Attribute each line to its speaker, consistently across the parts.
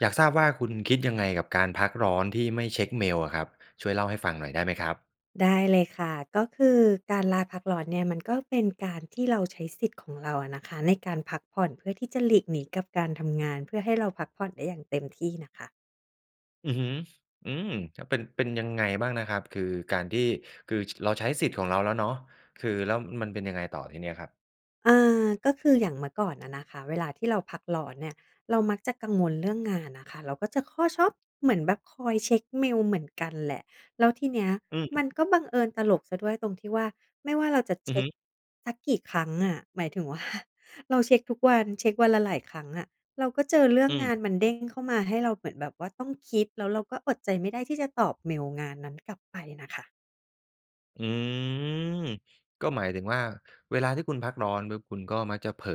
Speaker 1: อยากทราบว่า คุณคิดยังไงกับการพักร้อนที่ไม่เช็กเมลอะครับ? ช่วยเล่าให้ฟังหน่อยได้ไหมครับ?
Speaker 2: ได้เลยค่ะ ก็คือการลาพักร้อนเนี่ย มันก็เป็นการที่เราใช้สิทธิ์ของเราอะนะคะในการพักผ่อน เพื่อที่จะหลีกหนีกับการทำงาน เพื่อให้เราพักผ่อนได้อย่างเต็มที่น่ะค่ะ
Speaker 1: อือฮึ อืม ก็เป็น เป็นยังไงบ้างนะครับ คือการที่ คือ ช เราใช้สิทธิ์ของเราแล้วเนาะ คือแล้วมันเป็นยังไงต่อทีเนี้ยครับ?
Speaker 2: อา ก็คืออย่างเมื่อก่อนอะนะคะ เวลาที่เราพักร้อนเนี่ย เรามักจะกังวลเรื่องงานน่ะค่ะ เราก็จะคือ ชอบ เหมือนแบบคอยเช็กเมลเหมือนกันแหละ แล้วทีเนี้ย
Speaker 1: อื
Speaker 2: มั
Speaker 1: ม
Speaker 2: นก็บังเอิญตลกเสียด้วยตรงที่ว่า ไม่ว่าเราจะ
Speaker 1: อ
Speaker 2: เ
Speaker 1: ื
Speaker 2: ช
Speaker 1: อฮ
Speaker 2: ็ก
Speaker 1: ึ
Speaker 2: สักกี่ครั้งอะ หมายถึง ว่า เราเช็กทุกวัน เช็กวันละหลายครั้งอะ เราก็เจอเรื่อ
Speaker 1: อ
Speaker 2: งง
Speaker 1: ืม
Speaker 2: านมันเด้งเข้ามา ให้เราเหมือนแบบว่าต้องคิด แล้วเราก็อดใจไม่ได้ที่จะตอบเมลงานนั้นกลับไปน่ะค่ะ
Speaker 1: อืม ก็หมายถึงว่า เวลาที่คุณพักร้อนปุ๊บ คุณก็มักจะเผลอ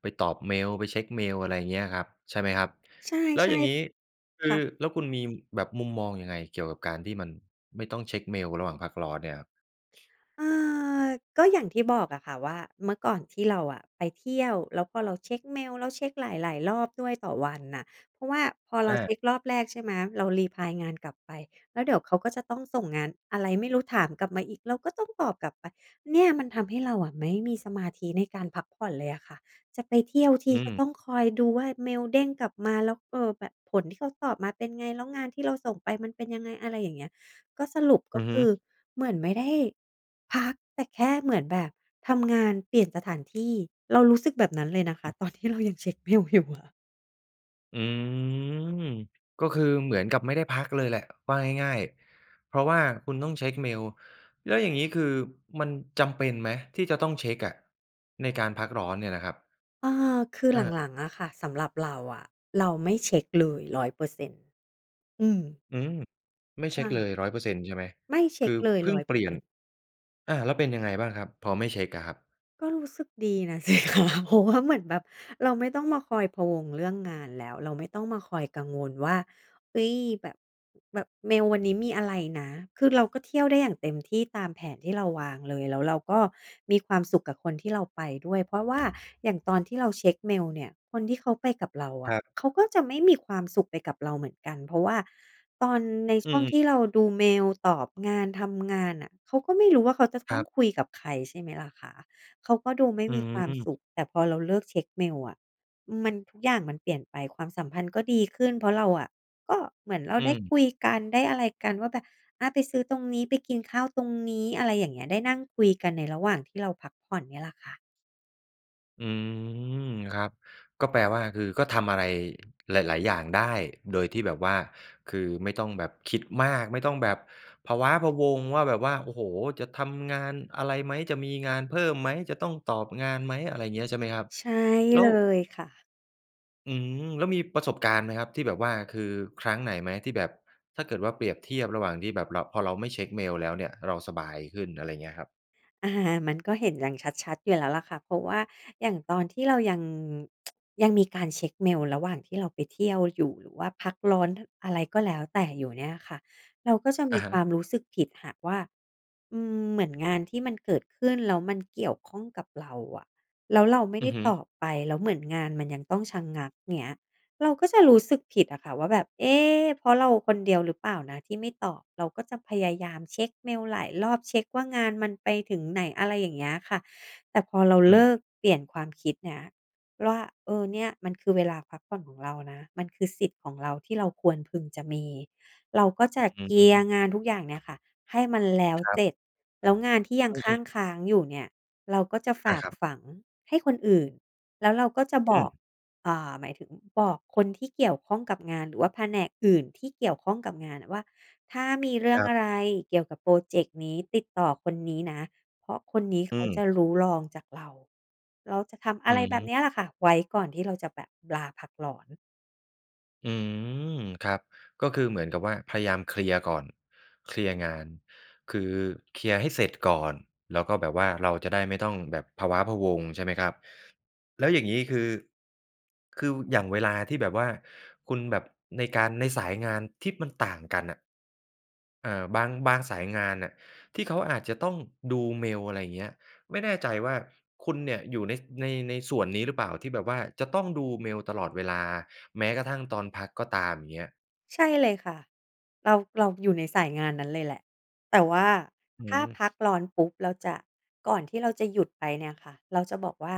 Speaker 1: ไปตอบเมล ไปเช็กเมล อะไรเงี้ยครับ ใช่ไหมครับ?
Speaker 2: ใช
Speaker 1: แล้ว
Speaker 2: ่
Speaker 1: อย่างงี้ ค
Speaker 2: ๆ ค
Speaker 1: ือ
Speaker 2: ่ะ
Speaker 1: แล้วคุณมีแบบมุมมองยังไง เกี่ยวกับการที่มันไม่ต้องเช็กเมลระหว่างพักร้อนเนี่ยครับ?
Speaker 2: เออ ก็อย่างที่บอกอะค่ะว่า เมื่อก่อนที่เราอะไปเที่ยว แล้วพอเราเช็กเมลแล้วเช็กหลาย ๆ รอบด้วยต่อวันน่ะ เพราะว่าพอเร
Speaker 1: อ
Speaker 2: า
Speaker 1: า
Speaker 2: เช็กรอบแรก ใช่ไหม เรา รีพลาย งานกลับไป แล้วเดี๋ยวเขาก็จะต้องส่งงานอะไรไม่รู้ถามกลับมาอีก เราก็ต้องตอบกลับไป เนี่ยมันทำให้เราอะไม่มีสมาธิในการพักผ่อนเลยอะค่ะ จะไปเที่ยวท
Speaker 1: อื
Speaker 2: ีก็ต
Speaker 1: ม
Speaker 2: ้องคอยดูว่า เมลเด้งกลับมาแล้ว เออ แบบผลที่เขาตอบมาเป็นไง แล้วงานที่เราส่งไปมันเป็นยังไง อะไรอย่างเงี้ย ก็สรุป
Speaker 1: อ
Speaker 2: ก็
Speaker 1: ือฮ
Speaker 2: ค
Speaker 1: ึ
Speaker 2: ือ เหมือนไม่ได้พัก แต่แค่เหมือนแบบทำงานเปลี่ยนสถานที่ เรารู้สึกแบบนั้นเลยนะ
Speaker 1: อื
Speaker 2: ค
Speaker 1: อฮ
Speaker 2: ะ
Speaker 1: ึ
Speaker 2: ตอนที่เรายังเช็กเมลอยู่อะ
Speaker 1: อืม ก็คือเหมือนกับไม่ได้พักเลยแหละ ว่าง่าย ๆ เพราะว่าคุณต้องเช็กเมล แล้วอย่างงี้คือมันจำเป็นไหม? ที่จะต้องเช็กอะ ในการพักร้อนเนี่ยนะครับ?
Speaker 2: เออ คือ
Speaker 1: อา
Speaker 2: หลัง ๆ อะค่ะ สำหรับเราอะเราไม่เช็กเลย 100% อืม
Speaker 1: อืม ไม่
Speaker 2: ใช
Speaker 1: เช็กเล
Speaker 2: ่
Speaker 1: ย 100% ใช่ไหม?
Speaker 2: ไม่เช
Speaker 1: ค
Speaker 2: ็
Speaker 1: ื
Speaker 2: ก
Speaker 1: อ
Speaker 2: เลย
Speaker 1: เพิ่
Speaker 2: ร้
Speaker 1: ง
Speaker 2: อย
Speaker 1: เ
Speaker 2: เ
Speaker 1: ป
Speaker 2: ปอ
Speaker 1: ลี
Speaker 2: ร
Speaker 1: ่
Speaker 2: ์เซ
Speaker 1: ยน
Speaker 2: ็นต์
Speaker 1: อา แล้วเป็นยังไงบ้างครับ? พอไม่เช็กอะครับ
Speaker 2: ก็รู้สึกดีน่ะ สิคะ เพราะว่า เหมือนแบบเราไม่ต้องมาคอยพะวงเรื่องงานแล้ว เราไม่ต้องมาคอยกังวลว่า "เฮ้ย แบบ แบบเมลวันนี้มีอะไรนะ?" คือเราก็เที่ยวได้อย่างเต็มที่ ตามแผนที่เราวางเลย แล้วเราก็มีความสุขกับคนที่เราไปด้วย เพราะว่า อย่างตอนที่เราเช็กเมลเนี่ย คนที่เขาไปกับเราอ
Speaker 1: ค
Speaker 2: ะ
Speaker 1: รับ
Speaker 2: เขาก็จะไม่มีความสุขไปกับเราเหมือนกัน เพราะว่าตอน ใน
Speaker 1: อ
Speaker 2: ช
Speaker 1: ื
Speaker 2: ่วงท
Speaker 1: อ
Speaker 2: ี
Speaker 1: ๆ
Speaker 2: ่เราดูเมล ตอบงาน ทำงานน่ะ เขาก็ไม่รู้ว่า เขาจะต
Speaker 1: ค
Speaker 2: ้
Speaker 1: ร
Speaker 2: อ
Speaker 1: ั
Speaker 2: ง
Speaker 1: บ
Speaker 2: คุยกับใคร ใช่ไหมล่ะคะ เขาก็ดูไม่
Speaker 1: อื
Speaker 2: มีความ
Speaker 1: ม
Speaker 2: สุข แต่พอเราเลิกเช็กเมลอะ อืม มัน ทุกอย่างมันเปลี่ยนไป ความสัมพันธ์ก็ดีขึ้น เพราะเราอะ ก็เหมือนเรา
Speaker 1: อื
Speaker 2: ได้
Speaker 1: ม
Speaker 2: คุยกันได้อะไรกันว่า แบบ "อา ไปซื้อตรงนี้ ไปกินข้าวตรงนี้" อะไรอย่างเงี้ย ได้นั่งคุยกันในระหว่างที่เราพักผ่อนเนี่ยแหละค่ะ
Speaker 1: อืม ครับ ก็แปลว่า คือก็ทำอะไรหลาย ๆ อย่างได้โดยที่แบบว่า คือไม่ต้องแบบคิดมาก ไม่ต้องแบบพะว้าพะวัง ว่าแบบว่า โอ้โฮ จะทำงานอะไรไหม จะมีงานเพิ่มไหม จะต้องตอบงานไหม อะไรอย่างเงี้ยใช่ไหมครับ?
Speaker 2: ใช่
Speaker 1: แล
Speaker 2: เ
Speaker 1: ้
Speaker 2: ล
Speaker 1: ว
Speaker 2: ยค่ะ
Speaker 1: อืม แล้วมีประสบการณ์ไหมครับ ที่แบบว่าคือครั้งไหนไหม ที่แบบถ้าเกิดว่าเปรียบเทียบระหว่างที่แบบเรา พอเราไม่เช็กเมลแล้วเนี่ยเราสบายขึ้น อะไรอย่างเงี้ยครับ?
Speaker 2: อะฮะ มันก็เห็นอย่างชัด ๆ อยู่แล้วล่ะค่ะ เพราะว่าอย่างตอนที่เรายัง ยังมีการเช็กเมลระหว่างที่เราไปเที่ยวอยู่ หรือว่าพักร้อน อะไรก็แล้วแต่อยู่เนี่ยค่ะ เราก็จะม
Speaker 1: อ
Speaker 2: ี
Speaker 1: ะฮ
Speaker 2: ควา
Speaker 1: ะ
Speaker 2: มรู้สึกผิดหากว่า อืม เหมือนงานที่มันเกิดขึ้นแล้วมันเกี่ยวข้องกับเราอะ แล้วเราไม่
Speaker 1: อ
Speaker 2: ไ
Speaker 1: ื
Speaker 2: ด้
Speaker 1: อฮึ
Speaker 2: ตอบไป แล้วเหมือนงานมันยังต้องชะงัก เงี้ย เราก็จะรู้สึกผิดอะค่ะว่าแบบ "เอ๊ เพราะเราคนเดียวหรือเปล่านะที่ไม่ตอบ" เราก็จะพยายามเช็กเมลหลายรอบ เช็กว่า งานมันไปถึงไหน อะไรอย่างเงี้ยค่ะ แต่พอเรา
Speaker 1: อื
Speaker 2: เล
Speaker 1: ม
Speaker 2: ิกเปลี่ยนความคิดเนี้ยว่า เออ เนี่ยมันคือเวลาพักผ่อนของเรานะ มันคือสิทธิ์ของเราที่เราควรพึงจะมี เราก็จะ
Speaker 1: อ
Speaker 2: เ
Speaker 1: ื
Speaker 2: คลียร
Speaker 1: ม
Speaker 2: ์งานทุกอย่างเนี่ยค่ะ ให้มันแล้ว
Speaker 1: ครั
Speaker 2: เส
Speaker 1: บ
Speaker 2: ร็จ แล้วงานที่ยัง
Speaker 1: อ
Speaker 2: ค
Speaker 1: ื
Speaker 2: ั่
Speaker 1: ม ๆ
Speaker 2: งค้างอยู่เนี่ย เราก็จะฝ
Speaker 1: อา
Speaker 2: าก
Speaker 1: ครับ
Speaker 2: ฝังให้คนอื่น แล้วเราก็จะ
Speaker 1: อ
Speaker 2: บ
Speaker 1: ื
Speaker 2: อ
Speaker 1: ม
Speaker 2: ก อ่า หมายถึงบอกคนที่เกี่ยวข้องกับงาน หรือว่าแผนกอื่นที่เกี่ยวข้องกับงานว่า "ถ้ามีเรื่
Speaker 1: ค
Speaker 2: อง
Speaker 1: รั
Speaker 2: อ
Speaker 1: บ
Speaker 2: ะไรเกี่ยวกับพรอเจกต์นี้ ติดต่อคนนี้นะ เพราะคนนี้
Speaker 1: อื
Speaker 2: เขาจะ
Speaker 1: ม
Speaker 2: รู้รองจากเรา" เราจะทำอ
Speaker 1: อื
Speaker 2: ะไรแบบเน
Speaker 1: ม
Speaker 2: ี้ยล่ะค่ะ ไว้ก่อนที่เราจะแบบลาพักร้อน
Speaker 1: อืม ครับ ก็คือเหมือนกับว่าพยายามเคลียร์ก่อน เคลียร์งาน คือเคลียร์ให้เสร็จก่อน แล้วก็แบบว่าเราจะได้ไม่ต้องแบบพะว้าพะวัง ใช่ไหมครับ? แล้วอย่างงี้คือ คืออย่างเวลาที่แบบว่าคุณแบบ ในการ ในสายงานที่มันต่างกันอะ เอ่อ บาง บางสายงานน่ะ ที่เขาอาจจะต้องดูเมล ไรอย่างเงี้ย ไม่แน่ใจว่าคุณเนี่ยอยู่ใน ส ใน ในส่วนนี้หรือเปล่า? ที่แบบว่าจะต้องดูเมลตลอดเวลา แม้กระทั่งตอนพักก็ตาม อย่างเงี้ย
Speaker 2: ใช่เลยค่ะ เรา เราอยู่ในสายงานนั้นเลยแหละ แต่ว่า
Speaker 1: อื
Speaker 2: ถ้า
Speaker 1: ม
Speaker 2: พักร้อนปุ๊บเราจะ ก่อนที่เราจะหยุดไปเนี่ยค่ะ เราจะบอกว่า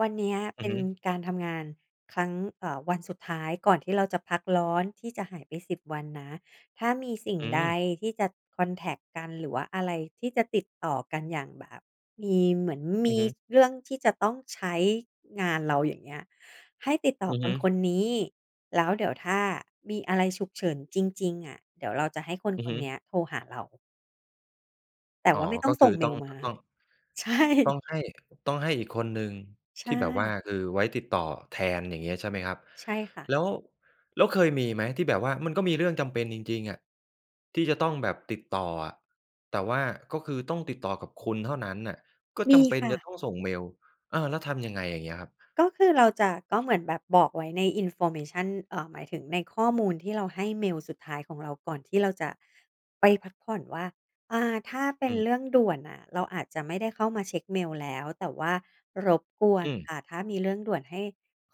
Speaker 2: "วันเนี้ย
Speaker 1: อ
Speaker 2: เ
Speaker 1: ื
Speaker 2: ป
Speaker 1: อ
Speaker 2: ็
Speaker 1: ฮ
Speaker 2: น
Speaker 1: ึ
Speaker 2: การทำงานครั้ง เอ่อ วันสุดท้ายก่อนที่เราจะพักร้อน ที่จะหายไป 10 วันนะ ถ้ามีสิ่ง
Speaker 1: อื
Speaker 2: ใด
Speaker 1: ม
Speaker 2: ที่จะคอนแท็กต์กัน หรือว่าอะไรที่จะติดต่อกัน อย่างแบบมี เหมือน
Speaker 1: อ
Speaker 2: ม
Speaker 1: ือ
Speaker 2: ี
Speaker 1: ฮึ
Speaker 2: เรื่องที่จะต้องใช้งานเรา อย่างเงี้ย ให้ติดต่
Speaker 1: อ
Speaker 2: อ
Speaker 1: ือ
Speaker 2: ค
Speaker 1: ฮึ
Speaker 2: นคนนี้ แล้วเดี๋ยวถ้ามีอะไรฉุกเฉินจริง ๆ อะ เดี๋ยวเราจะให้คน
Speaker 1: อื
Speaker 2: ค
Speaker 1: อฮ
Speaker 2: น
Speaker 1: ึ
Speaker 2: เนี้ยโทรหาเรา" "แต่
Speaker 1: อ๋
Speaker 2: ว
Speaker 1: อ
Speaker 2: ่าไม่ต้
Speaker 1: ก
Speaker 2: อ
Speaker 1: ็
Speaker 2: งส
Speaker 1: คื
Speaker 2: ่
Speaker 1: อ
Speaker 2: งเม
Speaker 1: ต้อ
Speaker 2: ล
Speaker 1: ง
Speaker 2: ม
Speaker 1: ต
Speaker 2: า"
Speaker 1: ต้อง
Speaker 2: ใช่
Speaker 1: ต้องให้ ต้องให้อีกคนหนึ่ง
Speaker 2: ใช
Speaker 1: ที่แบบว่า
Speaker 2: ่
Speaker 1: คือไว้ติดต่อแทน อย่างเงี้ยใช่ไหมครับ?
Speaker 2: ใช่ค่ะ
Speaker 1: แล้ว แล้วเคยมีไหมที่แบบว่ามันก็มีเรื่องจำเป็นจริง ๆ อะ ที่จะต้องแบบติดต่ออะ แต่ว่าก็คือต้องติดต่อกับคุณเท่านั้นน่ะ ก็
Speaker 2: ม
Speaker 1: จ
Speaker 2: ี
Speaker 1: ำเป็น
Speaker 2: ค่
Speaker 1: จ
Speaker 2: ะ
Speaker 1: ะต้องส่งเมล เออ แล้วทำยังไงอย่างเงี้ยครับ?
Speaker 2: ก็คือเราจะ ก็เหมือนแบบบอกไว้ใน Information อ่า หมายถึงในข้อมูลที่เราให้เมลสุดท้ายของเรา ก่อนที่เราจะไปพักผ่อนว่า อ่า ถ้าเป็
Speaker 1: อื
Speaker 2: น
Speaker 1: ม
Speaker 2: เรื่องด่วนน่ะ เราอาจจะไม่ได้เข้ามาเช็กเมลแล้ว แต่ว่ารบกว
Speaker 1: อ
Speaker 2: น
Speaker 1: ื
Speaker 2: ค
Speaker 1: ม
Speaker 2: ่ะ ถ้ามีเรื่องด่วนให้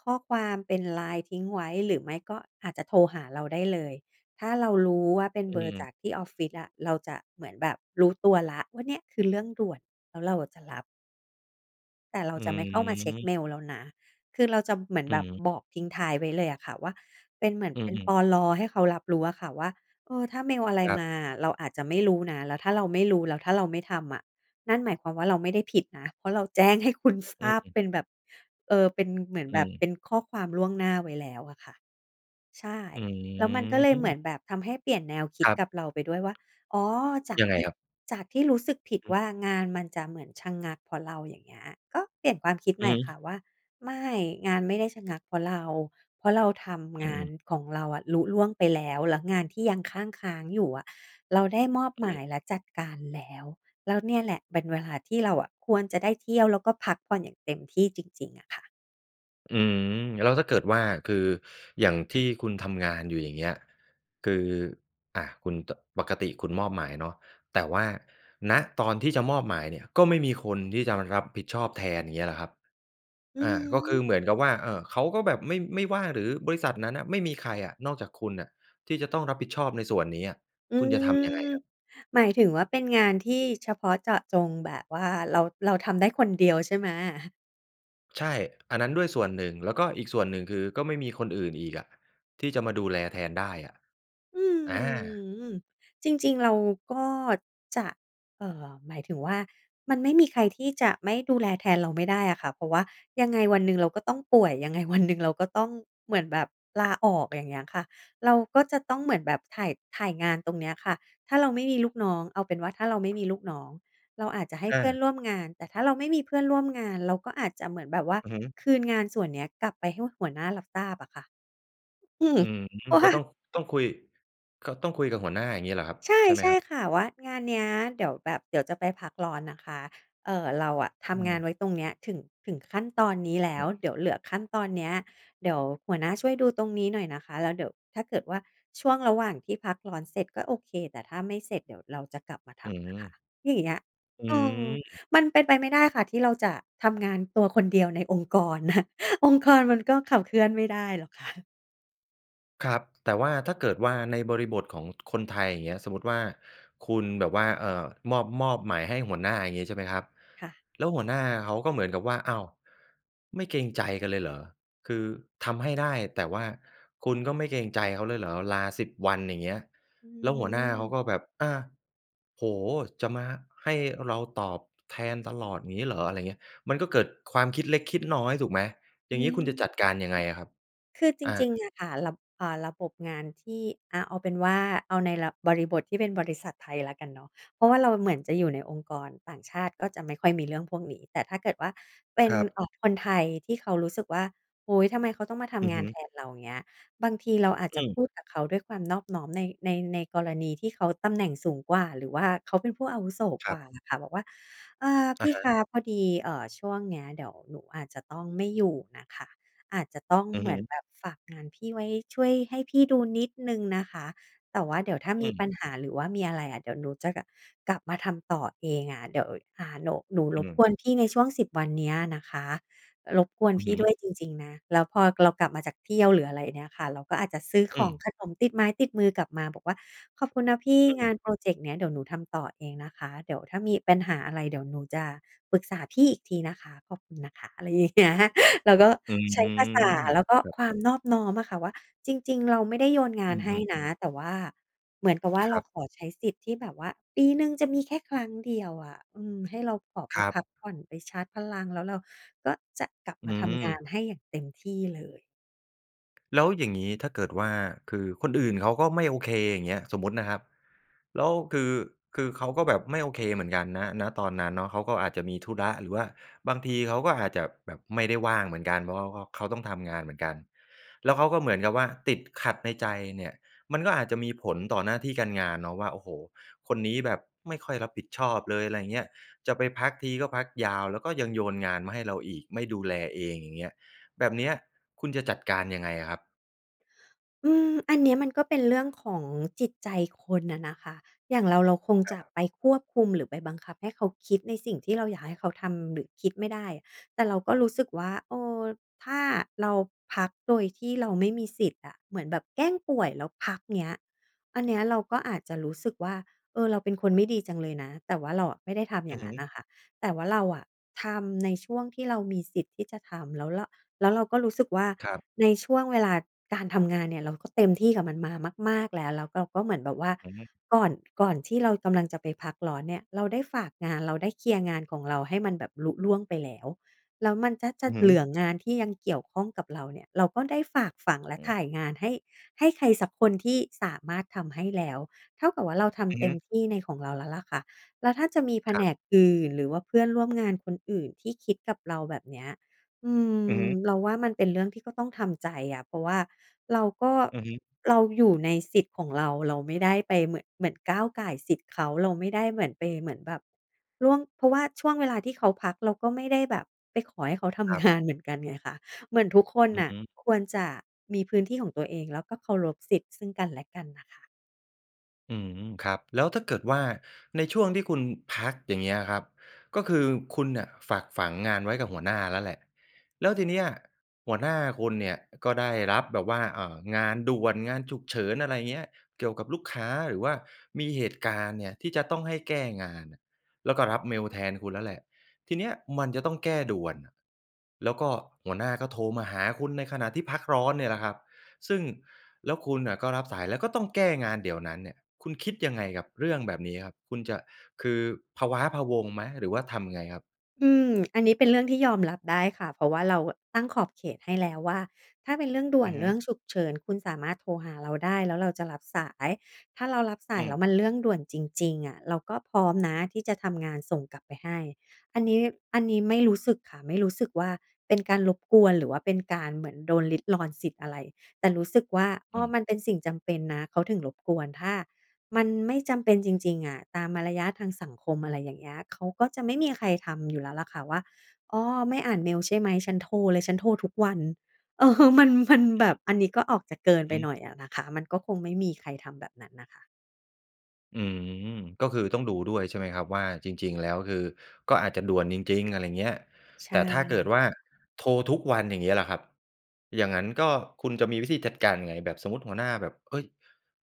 Speaker 2: ข้อความเป็น LINE ทิ้งไว้ หรือไม่ก็อาจจะโทรหาเราได้เลย ถ้าเรารู้ว่าเป็น
Speaker 1: อ
Speaker 2: เบอร์จ
Speaker 1: ืม
Speaker 2: ากที่ออฟฟิศอะ เราจะเหมือนแบบรู้ตัวแล้วว่า เนี่ยคือเรื่องด่วน แล้วเราอะจะรับ แต่เรา
Speaker 1: อื
Speaker 2: จะไม่เข้ามาเช็กเม
Speaker 1: ม
Speaker 2: ลแล้วนะ คือเราจะเหมือน
Speaker 1: อื
Speaker 2: แบ
Speaker 1: อ
Speaker 2: บ
Speaker 1: ฮึ
Speaker 2: บอกทิ้งท้ายไว้เลยอะค่ะว่า เป็นเหมือน
Speaker 1: อื
Speaker 2: เป็น
Speaker 1: อ
Speaker 2: ป
Speaker 1: ๆ
Speaker 2: ล. ให้เขารับรู้อะค่ะว่า เออ ถ้าเมลอะไร
Speaker 1: ครั
Speaker 2: ม
Speaker 1: บ
Speaker 2: าอะ เราอาจจะไม่รู้นะ แล้วถ้าเราไม่รู้ แล้วถ้าเราไม่ทำอะ นั่นหมายความว่าเราไม่ได้ผิดนะ เพราะเราแจ้งให้คุณท
Speaker 1: อื
Speaker 2: ราบ
Speaker 1: ม
Speaker 2: เป็นแบบ เอ่อ เป็นเหมือน
Speaker 1: อ
Speaker 2: แบ
Speaker 1: ื
Speaker 2: บ เ
Speaker 1: ม
Speaker 2: ป็นข้อความล่วงหน้าไว้แล้วอะค่ะ ใช่
Speaker 1: อื
Speaker 2: แล้วมันก็เลยเหมื
Speaker 1: ม
Speaker 2: อนแบบทำให้เปลี่ยนแนวคิ
Speaker 1: ค
Speaker 2: ด
Speaker 1: รับ
Speaker 2: กับเราไปด้วยว่า อ๋อ จาก
Speaker 1: ยังไ
Speaker 2: ท
Speaker 1: ง
Speaker 2: ี่
Speaker 1: ครับ?
Speaker 2: จากที่รู้สึกผิด
Speaker 1: อือ
Speaker 2: ว
Speaker 1: ฮึ
Speaker 2: ่างานมันจะเหมือนชะงักเพราะเรา อย่างเงี้ย ก็เปลี่ยนความคิด
Speaker 1: อ
Speaker 2: ใ
Speaker 1: ื
Speaker 2: หม
Speaker 1: อ
Speaker 2: ่
Speaker 1: ฮ
Speaker 2: ค่
Speaker 1: ึ
Speaker 2: ะว่า ไม่ งานไม่ได้ชะงักเพราะเรา เพราะเราท
Speaker 1: อ
Speaker 2: ำง
Speaker 1: ื
Speaker 2: า
Speaker 1: อ
Speaker 2: น
Speaker 1: ๆ
Speaker 2: ของเราอะลุล่วงไปแล้ว แล้วงานที่ยังคั่งค้างอยู่อะ เราได้มอบ
Speaker 1: อ
Speaker 2: หม
Speaker 1: ื
Speaker 2: าย
Speaker 1: ม
Speaker 2: และจัดการแล้ว แล้วเนี่ยแหละเป็นเวลาที่เราอะควรจะได้เที่ยว แล้วก็พักผ่อนอย่างเต็มที่จริง ๆ อะค่ะ
Speaker 1: อืม แล้วถ้าเกิดว่า คืออย่างที่คุณทำงานอยู่ อย่างเงี้ย คือ อ่า คุณ ต ปกติคุณมอบหมายเนาะ แต่ว่า ณ ตอนที่จะมอบหมายเนี่ย ก็ไม่มีคนที่จะมารับผิดชอบแทน อย่างเงี้ยล่ะครับ?
Speaker 2: อื
Speaker 1: อ
Speaker 2: อ
Speaker 1: ่า ก็
Speaker 2: ฮ
Speaker 1: ค
Speaker 2: ึ
Speaker 1: ือเหมือนกับว่า เอ่อ เขาก็แบบไม่ ไม่ว่าง หรือบริษัทนั้นน่ะไม่มีใครอะนอกจากคุณอะ ที่จะต้องรับผิดชอบในส่วนนี้อะ
Speaker 2: อื
Speaker 1: คุณจะทำยังไง
Speaker 2: ม
Speaker 1: ครับ?
Speaker 2: หมายถึงว่าเป็นงานที่เฉพาะเจาะจง แบบว่าเรา เราทำได้คนเดียวใช่ไหม?
Speaker 1: ใช่ อันนั้นด้วยส่วนหนึ่ง แล้วก็อีกส่วนหนึ่ง คือก็ไม่มีคนอื่นอีกอะที่จะมาดูแลแทนได้อะ
Speaker 2: อื
Speaker 1: อา
Speaker 2: ม จริง ๆ เราก็จะ เอ่อ หมายถึงว่า มันไม่มีใครที่จะไม่ดูแลแทนเราไม่ได้อะค่ะ เพราะว่ายังไงวันหนึ่งเราก็ต้องป่วย ยังไงวันหนึ่งเราก็ต้องเหมือนแบบลาออก อย่างเงี้ยค่ะ เราก็จะต้องเหมือนแบบถ่าย ถ่ายงานตรงเนี้ยค่ะ ถ้าเราไม่มีลูกน้อง เอาเป็นว่าถ้าเราไม่มีลูกน้อง เราอาจจะให้
Speaker 1: อ
Speaker 2: เพื่อน
Speaker 1: า
Speaker 2: ร่วมงาน แต่ถ้าเราไม่มีเพื่อนร่วมงาน เราก็อาจจะเหมือนแบบว่า
Speaker 1: อือฮึ
Speaker 2: คืนงานส่วนเนี้ยกลับไปให้หัวหน้ารับทราบอะค่ะ อืม
Speaker 1: อืม
Speaker 2: เพราะว
Speaker 1: ก็
Speaker 2: ่า
Speaker 1: ต้อง ต้องคุย ค ต้องคุยกับหัวหน้าอย่างงี้เหรอครับ
Speaker 2: ใช่
Speaker 1: ใช่ไหม
Speaker 2: ใช่
Speaker 1: ครับ?
Speaker 2: ค่ะ ว่า "งานเนี้ย เดี๋ยวแบบ เดี๋ยวจะไปพักร้อนนะคะ เอ่อ เราอะท
Speaker 1: อื
Speaker 2: ำงาน
Speaker 1: ม
Speaker 2: ไว้ตรงเนี้ย ถึง ถึงขั้นตอนนี้แล้
Speaker 1: อื
Speaker 2: ว
Speaker 1: ม
Speaker 2: เดี๋ยวเหลือขั้นตอนเนี้ย เดี๋ยวหัวหน้าช่วยดูตรงนี้หน่อยนะคะ แล้วเดี๋ยวถ้าเกิดว่าช่วงระหว่างที่พักร้อนเสร็จก็โอเค แต่ถ้าไม่เสร็จเดี๋ยวเราจะกลับมาท
Speaker 1: อื
Speaker 2: ำนะคะ"
Speaker 1: ม
Speaker 2: อย่างเงี้ย
Speaker 1: อ
Speaker 2: เออ
Speaker 1: ืม
Speaker 2: มันเป็นไปไม่ได้ค่ะ ที่เราจะทำงานตัวคนเดียวในองค์กร นะ องค์กรมันก็ขับเคลื่อนไม่ได้หรอก ค่ะ
Speaker 1: ครับ แต่ว่าถ้าเกิดว่าในบริบทของคนไทย อย่างเงี้ย สมมุติว่าคุณแบบว่า เอ่อ มอบ มอบหมายให้หัวหน้า อย่างงี้ ใช่ไหมครับ
Speaker 2: ค่ะ
Speaker 1: แล้วหัวหน้าเขาก็เหมือนกับว่า "อ้าว ไม่เกรงใจกันเลยเหรอ? คือทำให้ได้ แต่ว่าคุณก็ไม่เกรงใจเขาเลยเหรอ ลา 10 วันอย่างเงี้ย"
Speaker 2: อื
Speaker 1: แล้วหัวหน้าเขา
Speaker 2: ม
Speaker 1: ก็แบบ "อา โอ้โฮ จะมาให้เราตอบแทนตลอดอย่างงี้เหรอ?" ไรอย่างเงี้ย มันก็เกิดความคิดเล็กคิดน้อยถูกไหม? อ
Speaker 2: อ
Speaker 1: ย
Speaker 2: ื
Speaker 1: ่างนี้ค
Speaker 2: ม
Speaker 1: ุณจะจัดการยังไงอะครับ?
Speaker 2: คือจ
Speaker 1: อ
Speaker 2: ร
Speaker 1: า
Speaker 2: ิง ๆ เนี่ยค่ะ ระ อ่า ระบบงานที่ อา เอาเป็นว่า เอาในระ บริบทที่เป็นบริษัทไทยแล้วกันเนาะ เพราะว่าเราเหมือนจะอยู่ในองค์กรต่างชาติ ก็จะไม่ค่อยมีเรื่องพวกนี้ แต่ถ้าเกิดว่าเป็
Speaker 1: ค
Speaker 2: น
Speaker 1: รับ
Speaker 2: เอ่อ คนไทยที่เขารู้สึกว่า โอ้โฮ ทำไมเขาต้องมาท
Speaker 1: อื
Speaker 2: ำ
Speaker 1: อ
Speaker 2: งา
Speaker 1: ฮ
Speaker 2: น
Speaker 1: ึ
Speaker 2: แทนเรา เงี้ย บางทีเราอาจ
Speaker 1: อ
Speaker 2: จะ
Speaker 1: ืม
Speaker 2: พูดกับเขาด้วยความนอบน้อม ใน ใน ในกรณีที่เขาตำแหน่งสูงกว่า หรือว่าเขาเป็นผู้อาวุโส
Speaker 1: ค
Speaker 2: ก
Speaker 1: ร
Speaker 2: ว่า
Speaker 1: ับ
Speaker 2: นะคะ บอกว่า "เออ พ
Speaker 1: อะ
Speaker 2: ี่
Speaker 1: ฮ
Speaker 2: ค
Speaker 1: ะ
Speaker 2: ะ พอดี เอ่อ ช่วงเนี้ยเดี๋ยวหนูอาจจะต้องไม่อยู่น่ะค่ะ อาจจะต้อง
Speaker 1: อื
Speaker 2: เ
Speaker 1: อ
Speaker 2: หม
Speaker 1: ฮ
Speaker 2: ือน
Speaker 1: ึ
Speaker 2: แบบฝากงานพี่ไว้ ช่วยให้พี่ดูนิดหนึ่งนะคะ แต่ว่าเดี๋ยวถ้า
Speaker 1: อื
Speaker 2: มีป
Speaker 1: ม
Speaker 2: ัญหา หรือว่ามีอะไรอะ เดี๋ยวหนูจะกลับ กลับมาทำต่อเองอะ เดี๋ยว อ่า หนู หนูร
Speaker 1: อื
Speaker 2: บ
Speaker 1: ม
Speaker 2: กวนพี่ในช่วง 10 วันเนี้ยนะคะ รบกวน
Speaker 1: อื
Speaker 2: พ
Speaker 1: อ
Speaker 2: ี่
Speaker 1: ฮ
Speaker 2: ด
Speaker 1: ึ
Speaker 2: ้วยจริง ๆ นะ" แล้วพอเรากลับมาจากเที่ยว หรืออะไรเนี่ยค่ะ เราก็อาจจะซื้อข
Speaker 1: อื
Speaker 2: อง
Speaker 1: ม
Speaker 2: ขนมติดไม้ติดมือกลับมาบอกว่า "ขอบคุณนะพี่
Speaker 1: อ
Speaker 2: ง
Speaker 1: ื
Speaker 2: า
Speaker 1: ม
Speaker 2: นพรอเจกต์เนี้ย เดี๋ยวหนูทำต่อเองนะคะ เดี๋ยวถ้ามีปัญหาอะไร เดี๋ยวหนูจะปรึกษาพี่อีกทีนะคะ ขอบคุณนะคะ" อะไร อย่างเงี้ย เราก็
Speaker 1: อื
Speaker 2: ใช้ภา
Speaker 1: ม
Speaker 2: ษา แล้วก็
Speaker 1: ครับ
Speaker 2: ความนอบน้อมอะค่ะว่า จริง ๆ เราไม่ได้โยนง
Speaker 1: อ
Speaker 2: า
Speaker 1: ื
Speaker 2: นให้
Speaker 1: ม ๆ
Speaker 2: นะ แต่ว่า เหมือนกับว่า
Speaker 1: ค
Speaker 2: เร
Speaker 1: ร
Speaker 2: า
Speaker 1: ับ
Speaker 2: ขอใช้สิทธิ์ที่แบบว่าปีหนึ่งจะมีแค่ครั้งเดียวอะ อืม ให้เราขอไป
Speaker 1: ครั
Speaker 2: พ
Speaker 1: บ
Speaker 2: ักผ่อน ไปชาร์จพลัง แล้วเราก็จะกลับม
Speaker 1: อื
Speaker 2: าทำงา
Speaker 1: ม
Speaker 2: นให้อย่างเต็มที่เลย
Speaker 1: แล้วอย่างงี้ถ้าเกิดว่า คือคนอื่นเขาก็ไม่โอเค อย่างเงี้ย สมมุตินะครับ แล้ว คือ คือเขาก็แบบไม่โอเคเหมือนกัน ณ ณ ตอนนั้นเนาะ เขาก็อาจจะมีธุระ หรือว่าบางทีเขาก็อาจจะแบบไม่ได้ว่างเหมือนกัน เพราะเขาก็ เขาต้องทำงานเหมือนกัน แล้วเขาก็เหมือนกับว่าติดขัดในใจเนี่ย มันก็อาจจะมีผลต่อหน้าที่การงานเนาะว่า "โอ้โฮ คนนี้แบบไม่ค่อยรับผิดชอบเลย" ไรอย่างเงี้ย "จะไปพักทีก็พักยาว แล้วก็ยังโยนงานมาให้เราอีก ไม่ดูแลเอง" อย่างเงี้ย แบบเนี้ยคุณจะจัดการยังไงอะครับ?
Speaker 2: อืม อันเนี้ยมันก็เป็นเรื่องของจิตใจคนอะนะคะ อย่างเรา เราคง
Speaker 1: ค
Speaker 2: จะ
Speaker 1: รับ
Speaker 2: ไปควบคุม หรือไปบังคับให้เขาคิด ในสิ่งที่เราอยากให้เขาทำหรือคิดไม่ได้ แต่เราก็รู้สึกว่า เออ ถ้าเราพักโดยที่เราไม่มีสิทธิ์อะ เหมือนแบบแกล้งป่วยแล้วพัก เงี้ย อันเนี้ยเราก็อาจจะรู้สึกว่า เออ เราเป็นคนไม่ดีจังเลยนะ แต่ว่าเราอะไม่ได้ทำ
Speaker 1: อ
Speaker 2: อย
Speaker 1: ื
Speaker 2: ่
Speaker 1: อ
Speaker 2: าง
Speaker 1: ฮ
Speaker 2: นั้น
Speaker 1: ึ
Speaker 2: น่ะค่ะ แต่ว่าเราอะทำในช่วงที่เรามีสิทธิ์ที่จะทำ แล้วเรา แล้วเราก็รู้สึกว่า
Speaker 1: ครับ
Speaker 2: ในช่วงเวลาการทำงานเนี่ย เราก็เต็มที่กับมันมามาก ๆ แล้ว แล้วเราก็เหมือนแบบว่า
Speaker 1: อือฮึ
Speaker 2: ก่อน ก่อนที่เรากำลังจะไปพักร้อนเนี่ย เราได้ฝากงาน เราได้เคลียร์งานของเราให้มันแบบลุล่วงไปแล้ว แล้วมันจะ จ
Speaker 1: อ
Speaker 2: ะ
Speaker 1: ือฮ
Speaker 2: เหลือ
Speaker 1: ึ
Speaker 2: งานที่ยังเกี่ยวข้องกับเราเนี่ย เราก็ได้ฝากฝัง และ
Speaker 1: อื
Speaker 2: ถ
Speaker 1: อ
Speaker 2: ่ายงานให้ ให้ใครสักคนที่สามารถทำให้แล้ว เท่ากับว่าเราท
Speaker 1: อือ
Speaker 2: ำเ
Speaker 1: ฮ
Speaker 2: ต็
Speaker 1: ึ
Speaker 2: มที่ในของเราแล้วล่ะค่ะ แล้วถ้าจะมีแผ
Speaker 1: คร
Speaker 2: น
Speaker 1: ับ
Speaker 2: กอื่น หรือว่าเพื่อนร่วมงานคนอื่น ที่คิดกับเราแบบเนี้ย อื
Speaker 1: อือ
Speaker 2: ม
Speaker 1: ฮึ
Speaker 2: เราว่ามันเป็นเรื่องที่ก็ต้องทำใจอะ เพราะว่าเราก็
Speaker 1: อือฮึ
Speaker 2: เราอยู่ในสิทธิ์ของเรา เราไม่ได้ไปเหมือน เหมือนก้าวก่ายสิทธิ์เขา เราไม่ได้เหมือนไปเหมือนแบบล่วง เพราะว่าช่วงเวลาที่เขาพัก เราก็ไม่ได้แบบไปขอให้เขาท
Speaker 1: ครั
Speaker 2: ำ ง
Speaker 1: บ
Speaker 2: าน เหมือนกันไงคะ เหมือนทุกคน
Speaker 1: อื
Speaker 2: น
Speaker 1: อ
Speaker 2: ่
Speaker 1: ฮ
Speaker 2: ะ
Speaker 1: ึ
Speaker 2: ควรจะมีพื้นที่ของตัวเอง แล้วก็เคารพสิทธิ์ซึ่งกันและกันน่ะค่ะ
Speaker 1: อืม ครับ แล้วถ้าเกิดว่า ในช่วงที่คุณพัก อย่างเงี้ยครับ ก็คือคุณเนี่ยฝากฝังงานไว้กับหัวหน้าแล้วแหละ แล้วทีเนี้ยหัวหน้าคุณเนี่ยก็ได้รับแบบว่า อ่า งานด่วน งานฉุกเฉิน อะไรเงี้ย เกี่ยวกับลูกค้า หรือว่ามีเหตุการณ์เนี่ยที่จะต้องให้แก้งานน่ะ แล้วก็รับเมลแทนคุณแล้วแหละ ทีเนี้ยมันจะต้องแก้ด่วนน่ะ แล้วก็หัวหน้าก็โทรมาหาคุณในขณะที่พักร้อนเนี่ยแหละครับ ซึ่ง แล้วคุณอะก็รับสายแล้วก็ต้องแก้งานเดี๋ยวนั้นเนี่ย คุณคิดยังไงกับเรื่องแบบนี้ครับ? คุณจะ คือพะว้าพะวัง ไหม? หรือว่าทำยังไงครับ?
Speaker 2: อืม อันนี้เป็นเรื่องที่ยอมรับได้ค่ะ เพราะว่าเราอะตั้งขอบเขตให้แล้วว่า ถ้าเป็นเรื่องด่
Speaker 1: อ
Speaker 2: ว
Speaker 1: ื
Speaker 2: น
Speaker 1: อฮ
Speaker 2: เ
Speaker 1: ึ
Speaker 2: รื่องฉุกเฉิน คุณสามารถโทรหาเราได้ แล้วเราจะรับสาย ถ้าเรารับส
Speaker 1: อ
Speaker 2: า
Speaker 1: ื
Speaker 2: ยแล้ว
Speaker 1: ม
Speaker 2: มันเรื่องด่วนจริง ๆ อะ เราก็พร้อมนะที่จะทำงานส่งกลับไปให้ อันนี้ อันนี้ไม่รู้สึกค่ะ ไม่รู้สึกว่า เป็นการรบกวน หรือว่าเป็นการเหมือนโดนลิดรอนสิทธิ์อะไร แต่รู้สึกว่า อ
Speaker 1: อ
Speaker 2: ้อ
Speaker 1: ืม
Speaker 2: มันเป็นสิ่งจำเป็นนะ เขาถึงรบกวน ถ้ามันไม่จำเป็นจริง ๆ อะ ตามมารยาททางสังคม อะไรอย่างเงี้ย เขาก็จะไม่มีใครทำอยู่แล้วแหละค่ะว่า "อ้อ ไม่อ่านเมลใช่ไหม? ฉันโทรเลย ฉันโทรทุกวัน" เออ มัน มัน
Speaker 1: อื
Speaker 2: แบ
Speaker 1: อฮ
Speaker 2: บ
Speaker 1: ึ
Speaker 2: อันนี้ก็ออกจากเกินไ
Speaker 1: อ
Speaker 2: ป
Speaker 1: ือฮึ
Speaker 2: หน่อยอะนะคะ มันก็คงไม่มีใครทำแบบนั้นน่ะค่ะ
Speaker 1: อืม ก็คือต้องดูด้วยใช่ไหมครับว่า จริง ๆ แล้วคือก็อาจจะด่วนจริง ๆ อะไรเงี้ย
Speaker 2: ใช
Speaker 1: แต่ถ้าเกิด
Speaker 2: ่
Speaker 1: ว่าโทรทุกวัน อย่างงี้ล่ะครับ อย่างงั้นก็ คุณจะมีวิธีจัดการยังไง? แบบสมมุติหัวหน้าแบบ เฮ้ย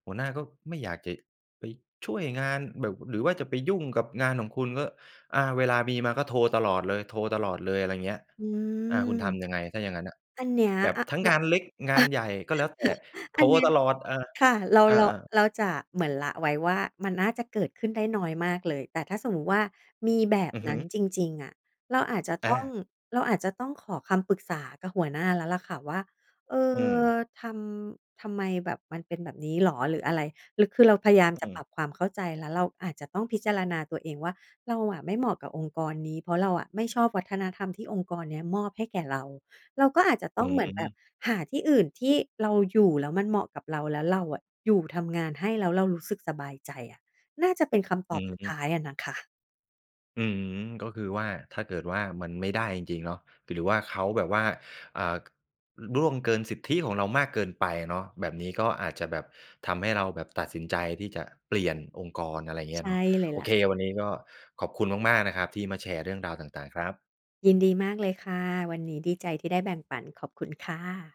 Speaker 1: หัวหน้าก็ไม่อยากจะไปช่วยงานแบบ หรือว่าจะไปยุ่งกับงานของคุณก็ อา เวลามีมาก็โทรตลอดเลย โทรตลอดเลย อะไรเงี้ย
Speaker 2: อื
Speaker 1: อา ค
Speaker 2: ม
Speaker 1: ุณทำยังไงถ้าอย่างงั้นอะ?
Speaker 2: อันเนี้ย
Speaker 1: แบบ
Speaker 2: อ
Speaker 1: ทั้ง
Speaker 2: ร
Speaker 1: งานเล็กงานใหญ่ก็แล้วแต่ โท
Speaker 2: อั
Speaker 1: ร
Speaker 2: นเนี้ย
Speaker 1: ตลอดอะ
Speaker 2: ค่ะ เรา
Speaker 1: อา
Speaker 2: เรา
Speaker 1: ๆ
Speaker 2: เราจะ เหมือนละไว้ว่า มันน่าจะเกิดขึ้นได้น้อยมากเลย แต่ถ้าสมมุติว่า มีแบบ
Speaker 1: อือ
Speaker 2: น
Speaker 1: ฮ
Speaker 2: ั
Speaker 1: ึ
Speaker 2: ้นจริง ๆ อะ เราอาจจะ
Speaker 1: อ
Speaker 2: ต้อง
Speaker 1: า
Speaker 2: เราอาจจะต้องขอคำปรึกษากับหัวหน้าแล้วแหละค่ะว่า "เอ
Speaker 1: อื
Speaker 2: อ
Speaker 1: ม
Speaker 2: ทำ ทำไมแบบ มันเป็นแบบนี้เหรอ? หรืออะไร?" หรือ คือเราพยายาม
Speaker 1: อ
Speaker 2: จ
Speaker 1: อ
Speaker 2: ะ
Speaker 1: ื
Speaker 2: ปร
Speaker 1: อ
Speaker 2: ับความเข้าใจ แล้วเราอาจจะต้องพิจารณาตัวเองว่า เราอะไม่เหมาะกับองค์กรนี้ เพราะเราอะไม่ชอบวัฒนธรรมที่องค์กรเนี้ยมอบให้แก่เรา เราก็อาจจะ
Speaker 1: อ
Speaker 2: ต
Speaker 1: ื
Speaker 2: ้องเหมือนแบบ
Speaker 1: ม
Speaker 2: หาที่อื่นที่เราอยู่แล้วมันเหมาะกับเรา แล้วเราอะอยู่ทำงานให้แล้วเรารู้สึกสบายใจอะ น่าจะเป็นคำต
Speaker 1: อื
Speaker 2: อบสุดท
Speaker 1: ม
Speaker 2: ้ายอะน่ะค่ะ
Speaker 1: อืม ก็คือว่า ถ้าเกิดว่า มันไม่ได้จริง ๆ เนาะ หรือว่าเขาแบบว่า อ่า ก ล ล่วงเกินสิทธิของเรามากเกินไปเนาะ แบบนี้ก็อาจจะแบบทำให้เราแบบตัดสินใจที่จะเปลี่ยนองค์กร อะไรเงี
Speaker 2: ใ
Speaker 1: ้
Speaker 2: ช
Speaker 1: ย
Speaker 2: ่
Speaker 1: เนาะ
Speaker 2: เลย
Speaker 1: โ
Speaker 2: แ
Speaker 1: อ
Speaker 2: หละ
Speaker 1: เค
Speaker 2: ค่ะ
Speaker 1: วันนี้ก็ขอบคุณมาก ๆ นะครับที่มาแชร์เรื่องราวต่าง ๆ ครับ
Speaker 2: ยินดีมากเลยค่ะ วันนี้ดีใจที่ได้แบ่งปัน ขอบคุณค่ะ